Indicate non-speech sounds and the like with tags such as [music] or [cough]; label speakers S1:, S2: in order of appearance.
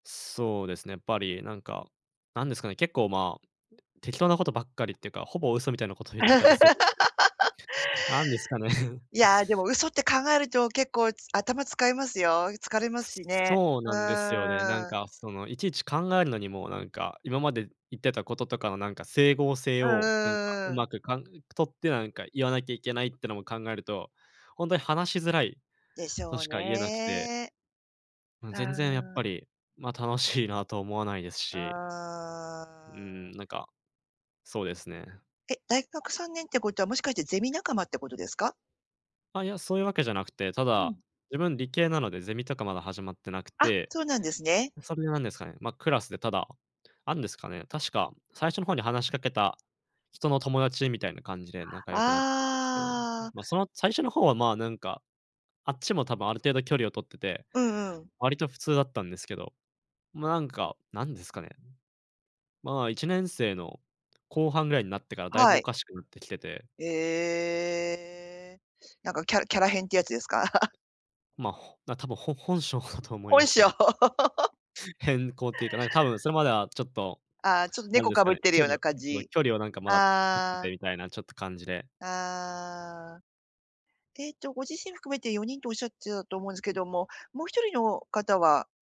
S1: そうですね。やっぱりなんか、なんですかね、結構、まあ、適当なことばっかりってか、ほぼ嘘みたいなことを言ってたりするんで。
S2: [laughs]
S1: [chuckles] なんですかね。
S2: いや、でも嘘って考えると、結構、つ頭使いますよ。疲れますしね。
S1: そう
S2: う
S1: なんですよね。なん
S2: ーん。
S1: か、その、いちいち考えるのにも、なんか、今まで言ってたこととかの、なんか、整合性
S2: うんうんう
S1: を、なんか、
S2: ん
S1: う
S2: うんうん。
S1: まく、かんとって、なんか言わなきゃいけない、ってのも考えると、ほんとに話しづらい、
S2: でし
S1: と
S2: ょう
S1: しか言えなくて。
S2: ね。
S1: うん、
S2: あ
S1: 全然やっ
S2: あ。
S1: ぱり、ま、楽しいな、とは思わないですし。
S2: あ
S1: うーん、
S2: あ。
S1: なんか、そうですね。
S2: え、大学3年ってことは、もしかしてゼミ仲間ってことですか？
S1: あ、いや、そういうわけじゃなくて。た
S2: う
S1: だ、
S2: ん。
S1: 自分理系なので、ゼミとかまだ始まってなく
S2: あ、
S1: て。
S2: そうなんですね。
S1: それでなんですかね、ま、クラスで、ただ、あんですかね、確か最初の方に話しかけた人の友達、みたいな感じで仲良くなったんですけど。
S2: ああ。
S1: ま、その、最初の方は、ま、なんか、あっちも多分、ある程度距離を取ってて、
S2: うんうん。
S1: 割と普通だったんですけど。ま、なんか、なんですかね？まあ、1年生の後半ぐらいになってから、だいぶ
S2: は
S1: お
S2: い。
S1: かしくなってきてて。
S2: ええ。なんかキャキャラ変っていうやつですか？[laughs]
S1: ま、ほな、多分、ほ本性だと思いま
S2: 本
S1: す
S2: 性。[laughs]
S1: ね。変更っていうか、なんか多分、それまではちょっと、
S2: ああ、ちょっと
S1: なん
S2: 猫
S1: です
S2: か
S1: か
S2: ぶっ
S1: ね、
S2: てる
S1: 距
S2: よう
S1: 離
S2: な
S1: を
S2: 感
S1: 置い
S2: じ。
S1: 距離を、なんか、まだ保ってて
S2: ああ。
S1: みたいな、ちょっと感じで。
S2: ああ。ええと、ご自身含めて4人とおっしゃってたと思うんですけども、もう1人の方は